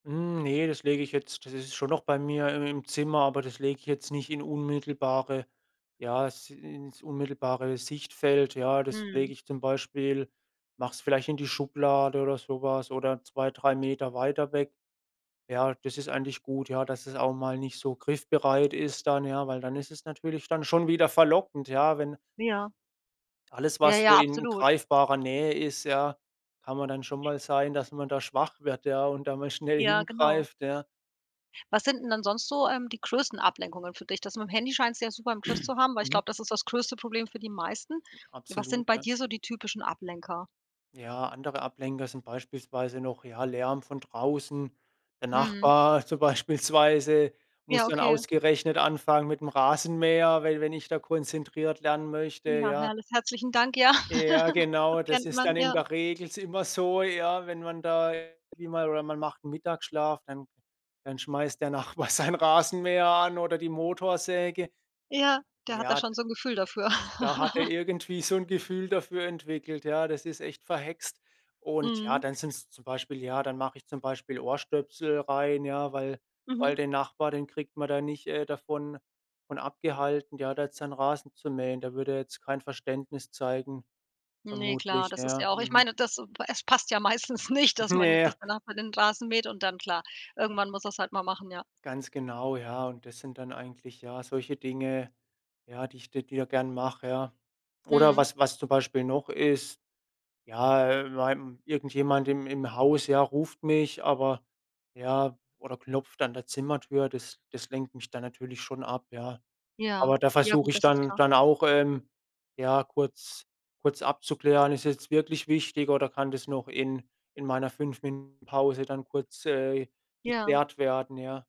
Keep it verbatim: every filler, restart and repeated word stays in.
Hm, ne, das lege ich jetzt das ist schon noch bei mir im im Zimmer, aber das lege ich jetzt nicht in unmittelbare ja, s ins unmittelbare Sichtfeld. Ja, das lege Mhm. ich zum Beispiel mache es vielleicht in die Schublade oder so was oder zwei, drei Meter weiter weg. Ja, das ist eigentlich gut, ja, dass das auch mal nicht so griffbereit ist dann, ja, weil dann ist es natürlich dann schon wieder verlockend, ja, wenn Ja. Alles, Ja, was so ja, in absolut. greifbarer Nähe ist, ja kann man dann schon mal sein, dass man da schwach wird, ja, und da mal schnell Ja, genau. hingreift, ja. Was sind 'n dann sonst so, ähm, die größten Ablenkungen für dich? Das mit'm Handy scheinst du ja super im Griff zu haben, weil ich Mhm. glaube, das ist das größte Problem für die meisten. Was sind Absolut, bei ja. dir so die typischen Ablenker? Ja, andere Ablenker sind beispielsweise noch, ja, Lärm von draußen, der Mhm. Nachbar so beispielsweise muss Ja, dann okay. ausgerechnet anfangen mit'm Rasenmäher, we wenn ich da konzentriert lernen möchte, Ja, ja. herrlich herzlichen Dank, ja. Ja Das genau, das kennt ist man, dann in ja. der Regel s immer so, ja, wenn man da [unintelligible] oder man macht Mittagsschlaf, dann dann schmeißt der Nachbar seinen Rasenmäher an oder die Motorsäge. Ja, der hat da Ja, schon d so 'n Gefühl dafür. da hat er irgendwie so 'n Gefühl dafür entwickelt, ja, das ist echt verhext. Und ja, Mhm. dann sind's zum Beispiel ja, dann mache ich zum Beispiel Ohrstöpsel rein, ja, weil Mhm. weil den Nachbar, den kriegt man da nicht, äh, davon von abgehalten, ja, der hat jetzt seinen Rasen zu mähen. Da würde er jetzt kein Verständnis zeigen Ne, klar, vermutlich, das ist ja. ja auch ich Mhm. meine, das p es passt ja meistens nicht, dass man Ne, jetzt ja. dass der Nachbar den Rasen mäht und dann klar, irgendwann muss er's halt mal machen, ja. Ganz genau, ja und das sind dann eigentlich ja solche Dinge, ja, die ich [unintelligible] gern mache, ja. Oder Mhm. was was zum Beispiel noch ist ja, in meinem irgendjemand im im Haus, ja, ruft mich, aber, ja oder klopft an der Zimmertür, das das lenkt mich dann natürlich schon ab, ja. Ja, Aber da ja versuche gut, ich das ist dann klar. dann auch, ähm, ja kurz kurz abzuklären: Ist jetzt wirklich wichtig oder kann das noch in in meiner fünf Minuten-Pause dann kurz, äh, Ja. geklärt werden, ja.